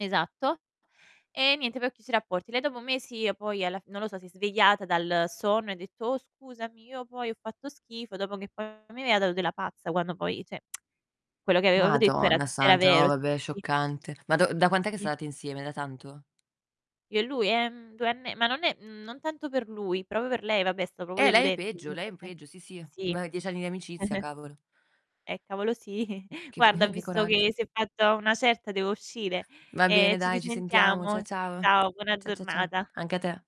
Esatto. E, niente, poi ho chiuso i rapporti. Lei dopo mesi, poi alla f non lo so, si è svegliata dal sonno e ha detto: "Oh, scusami, io poi ho fatto schifo." Dopo che poi mi aveva dato della pazza quando poi, cioè quello che avevo detto era Madonna era santa, no vero. Sì, vabbè sì, sì. scioccante. Ma da da quant'è che Sì. state insieme? Da tanto? Io e lui, ehm, 2 anne ma non è mhmm, non tanto per lui, proprio per lei, vabbè, è stato proprio Eh lei è deludente peggio, lei è ovviamente. peggio sì, sì. Sì. Ma 10 anni di amicizia, cavolo. Eh, cavolo sì. Che Guarda, ho che visto coragg che si è fatta una certa devo uscire. Va Eh, bene ci dai, ci sentiamo. Cia risentiamo. ciao. Ciao, buona Cia cia cia giornata. Anche a te.